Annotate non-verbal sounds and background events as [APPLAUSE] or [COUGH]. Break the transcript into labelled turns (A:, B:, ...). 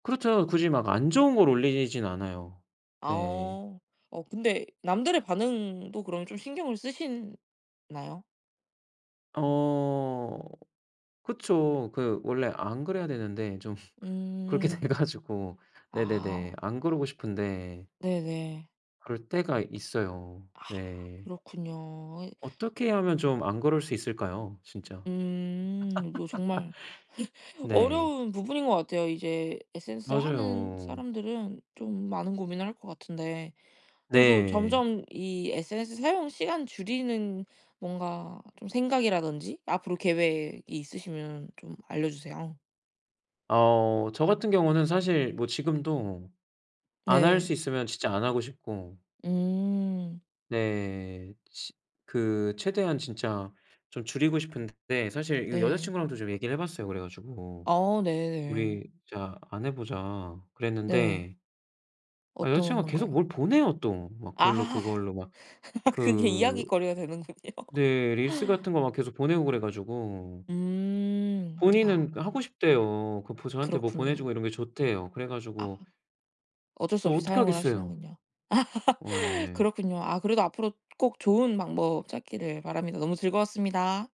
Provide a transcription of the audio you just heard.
A: 그렇죠. 굳이 막 안 좋은 걸 올리진 않아요. 네.
B: 아어. 어 근데 남들의 반응도 그럼 좀 신경을 쓰시나요?
A: 어 그쵸. 그 원래 안 그래야 되는데 좀 [LAUGHS] 그렇게 돼
B: 음.
A: 가지고 네네네
B: 아.
A: 안 그러고 싶은데
B: 네네.
A: 그럴 때가 있어요.
B: 아
A: 네.
B: 그렇군요. 이
A: 어떻게 하면 좀 안 그럴 수 있을까요 진짜?
B: 음 이거 정말
A: [LAUGHS]
B: [LAUGHS]
A: 네.
B: 어려운 부분인 것 같아요. 이제 SNS를 하는
A: 맞아요.
B: 사람들은 좀 많은 고민을 할 것 같은데 그래도
A: 네.
B: 점점 이 SNS 사용 시간 줄이는 뭔가 좀 생각이라든지 앞으로 계획이 있으시면 좀 알려주세요.
A: 어 저 같은 경우는 사실 뭐 지금도 안 할
B: 네.
A: 수 있으면 진짜 안 하고 싶고
B: 음.
A: 네 시 그 최대한 진짜 좀 줄이고 싶은데 사실 이거 여자
B: 네.
A: 친구랑도 좀 얘기를 해 봤어요 그래 가지고.
B: 어 네네.
A: "우리 진짜 안 해 보자."
B: 네.
A: 그랬는데 아 여자
B: 어떤
A: 친구가 계속
B: 건가요?
A: 뭘 보내요 또. 막 그걸로,
B: 아.
A: 그걸로 막
B: [LAUGHS] 그게
A: 그
B: 이야깃거리가 되는군요.
A: 네 릴스 같은 거 막 계속 보내고 그래 가지고.
B: 음 아.
A: 본인은 그 하고 싶대요. 그 보 저한테 뭐 보내
B: 그렇군요.
A: 주고 이런 게 좋대요. 그래
B: 아.
A: 가지고
B: 어쩔 수
A: 또
B: 없이
A: 어떻게
B: 사용을
A: 하겠어요?
B: 하시는군요.
A: 어
B: [LAUGHS]
A: 예.
B: 그렇군요. 아 그래도 앞으로 꼭 좋은 방법 찾기를 바랍니다. 너무 즐거웠습니다.